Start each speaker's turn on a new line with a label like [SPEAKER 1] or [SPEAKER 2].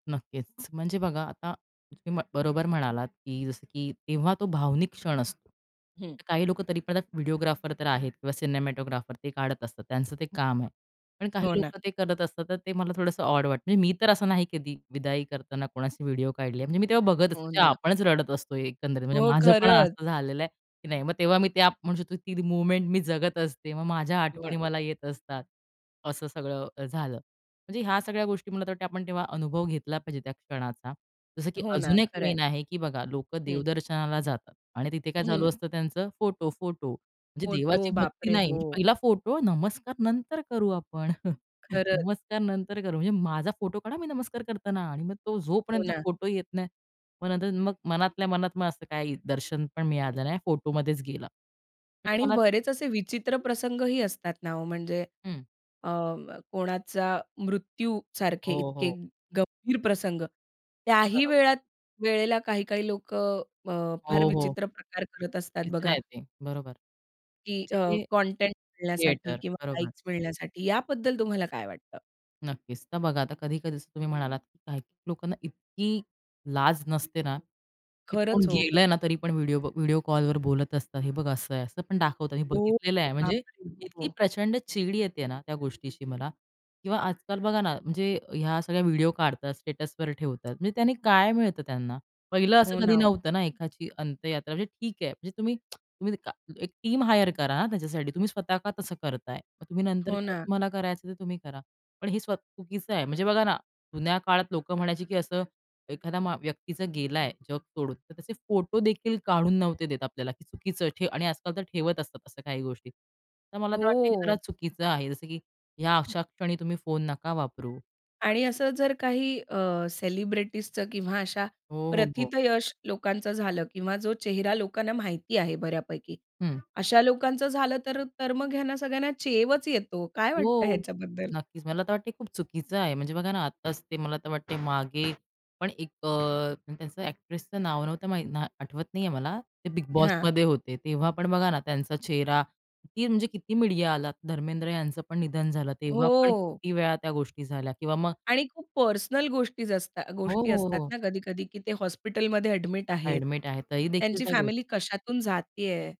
[SPEAKER 1] नक्कीच, म्हणजे बघा आता तुम्ही बरोबर म्हणालात की जसं की तेव्हा तो भावनिक क्षण असतो.
[SPEAKER 2] हं.
[SPEAKER 1] तर काही लोकं तरी पण व्हिडिओग्राफर तर आहेत किंवा सिनेमॅटोग्राफर ते काढत असतात त्यांचं ते काम आहे. पण काही
[SPEAKER 2] हो ना.
[SPEAKER 1] लोकं ते करत असतात, तर ते मला थोडंसं ऑड वाटतं. म्हणजे मी तर असं नाही कधी विदाई करताना, कोणशी व्हिडिओ काढली आहे. म्हणजे मी तेव्हा बघत असतो,
[SPEAKER 2] हो
[SPEAKER 1] की
[SPEAKER 2] ना.
[SPEAKER 1] आपणच रडत असतो एकंदरीत म्हणजे
[SPEAKER 2] हो,
[SPEAKER 1] माझं पण
[SPEAKER 2] खरंच.
[SPEAKER 1] असं झालेलं आहे, की नाही मग तेव्हा मी ते आप म्हणू शकतो ती मूव्हमेंट मी जगत असते, मग माझ्या आठवणी मला
[SPEAKER 2] बरोबर.
[SPEAKER 1] येत असतात. असं सगळं झालं. म्हणजे ह्या सगळ्या गोष्टी मला तर वाटते आपण तेव्हा अनुभव घेतला पाहिजे त्या क्षणाचा. जसं की
[SPEAKER 2] हो ना,
[SPEAKER 1] अजून एक
[SPEAKER 2] खरंय.
[SPEAKER 1] मेन आहे की बघा लोकं
[SPEAKER 2] हं.
[SPEAKER 1] देवदर्शनाला जातात आणि तिथे काय चालू
[SPEAKER 2] हं.
[SPEAKER 1] असतं त्यांचं फोटो-फोटो म्हणजे
[SPEAKER 2] फोटो,
[SPEAKER 1] देवाची
[SPEAKER 2] बाप
[SPEAKER 1] भक्ती
[SPEAKER 2] रे!
[SPEAKER 1] नाही.
[SPEAKER 2] हो.
[SPEAKER 1] पहिला फोटो, नमस्कार नंतर करू आपण.
[SPEAKER 2] खरंच.
[SPEAKER 1] नमस्कार नंतर करू, म्हणजे माझा फोटो काढा मी नमस्कार करताना आणि मग तो जो
[SPEAKER 2] हो
[SPEAKER 1] पर्यंत
[SPEAKER 2] ना.
[SPEAKER 1] फोटो येत नाही. मग नंतर मग मनातल्या मनात मग असं काही दर्शन पण मिळालं नाही फोटोमध्येच गेला. म्हणजे
[SPEAKER 2] आणि
[SPEAKER 1] मनात
[SPEAKER 2] बरेच असे विचित्र प्रसंग ही असतात ना, ओ म्हणजे
[SPEAKER 1] हं.
[SPEAKER 2] अ, कोणाचा मृत्यू सारखे
[SPEAKER 1] हो,
[SPEAKER 2] इतके
[SPEAKER 1] हो.
[SPEAKER 2] गंभीर प्रसंग, त्याही
[SPEAKER 1] बरोबर.
[SPEAKER 2] वेळात वेळेला काही काही लोकं अ, फार
[SPEAKER 1] हो, हो.
[SPEAKER 2] विचित्र प्रकार करत असतात
[SPEAKER 1] तिच
[SPEAKER 2] बघा.
[SPEAKER 1] आहे ते. बरोबर
[SPEAKER 2] की अ,
[SPEAKER 1] म्हणजे
[SPEAKER 2] कंटेंट मिळण्यासाठी
[SPEAKER 1] थिएटर
[SPEAKER 2] किंवा
[SPEAKER 1] बरोबर.
[SPEAKER 2] लाईक्स मिळण्यासाठी याबद्दल तुम्हाला काय वाटतं?
[SPEAKER 1] नक्कीच. तर बघा, आता कधी-कधी जसं तुम्ही म्हणालात, की काही लोकांना इतकी लाज नसते ना, ते कोण
[SPEAKER 2] खरंच ओ.
[SPEAKER 1] गेलं ना, तरी पण व्हिडिओ, व्हिडिओ कॉलवर बोलत असतात, हे बघा असं आहे, असं पण दाखवतात. हे
[SPEAKER 2] ओ,
[SPEAKER 1] बघितलेलं आहे
[SPEAKER 2] बाप
[SPEAKER 1] म्हणजे
[SPEAKER 2] रे! हो,
[SPEAKER 1] इतकी
[SPEAKER 2] हो.
[SPEAKER 1] प्रचंड चिड येते ना, त्या गोष्टीची मला. किंवा आजकाल बघा ना, म्हणजे ह्या सगळ्या व्हिडिओ काढतात, स्टेटसवर ठेवतात, म्हणजे त्यांनी काय मिळतं त्यांना? पहिलं
[SPEAKER 2] हो
[SPEAKER 1] असं कधी
[SPEAKER 2] ना, ओ.
[SPEAKER 1] नव्हतं ना, एकाची अंत्ययात्रा म्हणजे ठीक आहे, म्हणजे तुम्ही, तुम्ही एक टीम हायर करा ना, त्याच्यासाठी. तुम्ही स्वतः का तसं करताय? मग तुम्ही नंतर
[SPEAKER 2] हो
[SPEAKER 1] काय
[SPEAKER 2] ना.
[SPEAKER 1] तुम्हाला करायचं ते तुम्ही करा. पण हे स्व चुकीचं आहे. म्हणजे बघा ना, जुन्या काळात लोकं म्हणायची की असं एखाद्या मा व्यक्तीचं गेलाय जग सोडून, तर तसे फोटो देखील काढून नव्हते देत आपल्याला. चुकीचं आणि आजकाल तर ठेवत असतात अशा काही गोष्टी. तर मला तर वाटत हे जरा
[SPEAKER 2] हो.
[SPEAKER 1] चुकीचं आहे, जसं की ह्या अशा क्षणी तुम्ही फोन नका वापरू
[SPEAKER 2] आणि
[SPEAKER 1] आणि
[SPEAKER 2] असं जर काही अ, सेलिब्रिटीजचं किंवा अशा
[SPEAKER 1] हो, हो, हो.
[SPEAKER 2] प्रथितयश लोकांचं झालं किंवा जो चेहरा लोकांना माहिती आहे बऱ्यापैकी
[SPEAKER 1] हं.
[SPEAKER 2] अशा लोकांचं झालं तर तर मग ह्यांना सगळ्यांना चेवच येतो. काय वाटतं
[SPEAKER 1] हो,
[SPEAKER 2] ह्याच्याबद्दल?
[SPEAKER 1] नक्कीच, मला तर वाटतंय खूप चुकीचं आहे. म्हणजे बघा ना, आताच ते मला तर वाटतंय मागे पण एक अ, त्याचं एक्ट्रेसचं नाव नव्हतं माहीत आठवत नाहीये मला ते बिग
[SPEAKER 2] हां.
[SPEAKER 1] बॉसमध्ये होते. तेव्हा पण बघा ना त्यांचा चेहरा किती म्हणजे किती मीडिया आला धर्मेंद्र यांचं पण निधन झालं, तेव्हा पण
[SPEAKER 2] हो.
[SPEAKER 1] किती वेळा त्या गोष्टी झाल्या किंवा मग
[SPEAKER 2] आणि खूप पर्सनल गोष्टी असतात
[SPEAKER 1] हो,
[SPEAKER 2] गोष्टी
[SPEAKER 1] हो,
[SPEAKER 2] असतात
[SPEAKER 1] हो.
[SPEAKER 2] ना, कधी-कधी की ते हॉस्पिटलमध्ये एडमिट आहेत.
[SPEAKER 1] ॲडमिट आहे. तरी देखील
[SPEAKER 2] त्यांची
[SPEAKER 1] त्या गोष्टी
[SPEAKER 2] फॅमिली कशातून जातीये?